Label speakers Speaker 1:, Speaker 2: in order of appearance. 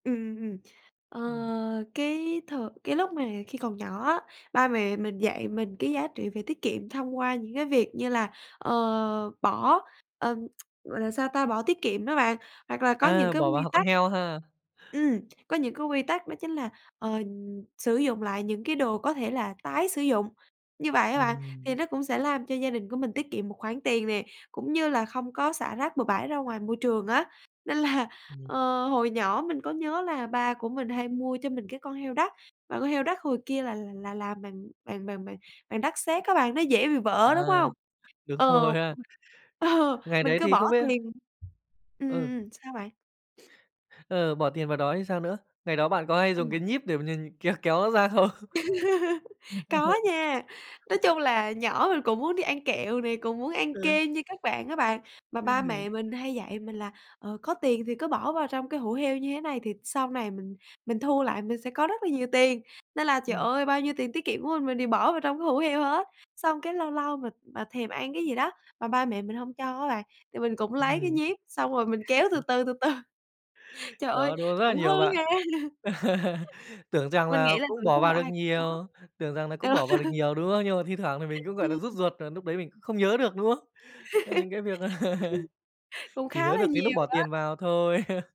Speaker 1: Ừm, ừm, ừm. Ờ,
Speaker 2: Ừm.
Speaker 1: cái th cái lúc mà khi còn nhỏ á, ba mẹ mình dạy mình cái giá trị về tiết kiệm thông qua những cái việc như là, ờ, bỏ, ờm, gọi là sao ta, bỏ tiết kiệm đó bạn, hoặc là có những
Speaker 2: A,
Speaker 1: cái
Speaker 2: bỏ vào
Speaker 1: quy
Speaker 2: h con
Speaker 1: tắc
Speaker 2: heo ha?
Speaker 1: ừm, có những cái quy tắc đó chính là, ờ, sử dụng lại những cái đồ có thể là tái sử dụng. Như vậy á bạn, thì
Speaker 2: Ừm.
Speaker 1: nó cũng sẽ làm cho gia đình của mình tiết kiệm một khoản tiền nè, cũng như là không có xả rác bừa bãi ra ngoài môi trường á. Nên là,
Speaker 2: Ừm.
Speaker 1: ờ, hồi nhỏ mình có nhớ là ba của mình hay mua cho mình cái con heo đất, và con heo đất hồi kia là là làm bằng bằng bằng bằng bằng đất sét á bạn. Nó dễ bị vỡ, đúng
Speaker 2: À.
Speaker 1: hông?
Speaker 2: Đúng rồi
Speaker 1: Ờ.
Speaker 2: ha.
Speaker 1: Ờ.
Speaker 2: Ngày
Speaker 1: Mình
Speaker 2: đấy
Speaker 1: cứ
Speaker 2: thì
Speaker 1: bỏ
Speaker 2: không biết
Speaker 1: tiền Ừm,
Speaker 2: Ừ.
Speaker 1: ừm, ừm. Sao bạn?
Speaker 2: Ờ, bỏ tiền vào đó thì sao nữa? Ngày đó bạn có hay dùng cái
Speaker 1: Ừm.
Speaker 2: nhíp để m nh kéo nó ra không?
Speaker 1: Có nha. Nói chung là nhỏ mình cũng muốn đi ăn kẹo này, cũng muốn ăn
Speaker 2: Ừ.
Speaker 1: kem như các bạn á bạn. Mà
Speaker 2: Ừ.
Speaker 1: ba mẹ mình hay dạy mình là, ờ, có tiền thì cứ bỏ vào trong cái hũ heo như thế này thì sau này mình mình thu lại mình sẽ có rất là nhiều tiền. Nên là, trời
Speaker 2: Ừm.
Speaker 1: ơi, bao nhiêu tiền tiết kiệm của mình, mình đều bỏ vào trong cái hũ heo hết. Xong cái lâu lâu mà mà thèm ăn cái gì đó, mà ba mẹ mình hông cho á bạn, thì mình cũng lấy cái
Speaker 2: Ừm.
Speaker 1: nhíp xong rồi mình kéo từ từ, từ từ. Trời ơi,
Speaker 2: Đó, đó rất là
Speaker 1: cũng
Speaker 2: nhiều
Speaker 1: hư
Speaker 2: bạn.
Speaker 1: ha!
Speaker 2: tưởng rằng
Speaker 1: Mình
Speaker 2: là
Speaker 1: nghĩ là
Speaker 2: cũng
Speaker 1: tuổi
Speaker 2: bỏ
Speaker 1: thơ
Speaker 2: vào được
Speaker 1: ai cũng có
Speaker 2: nhiều tưởng rằng nà cũng
Speaker 1: ờ.
Speaker 2: bỏ vào được nhiều, đúng không? Nhưng mà thi thoảng thì mình cũng, gọi
Speaker 1: Ừm.
Speaker 2: nà, rút ruột và núc đấy mình cũng không nhớ được, đúng không?
Speaker 1: Ừm.
Speaker 2: Tức là những cái việc
Speaker 1: Cũng
Speaker 2: chỉ
Speaker 1: khá
Speaker 2: nhớ
Speaker 1: là
Speaker 2: được cái núc
Speaker 1: nhiều
Speaker 2: bỏ tiền
Speaker 1: á.
Speaker 2: vào thôi.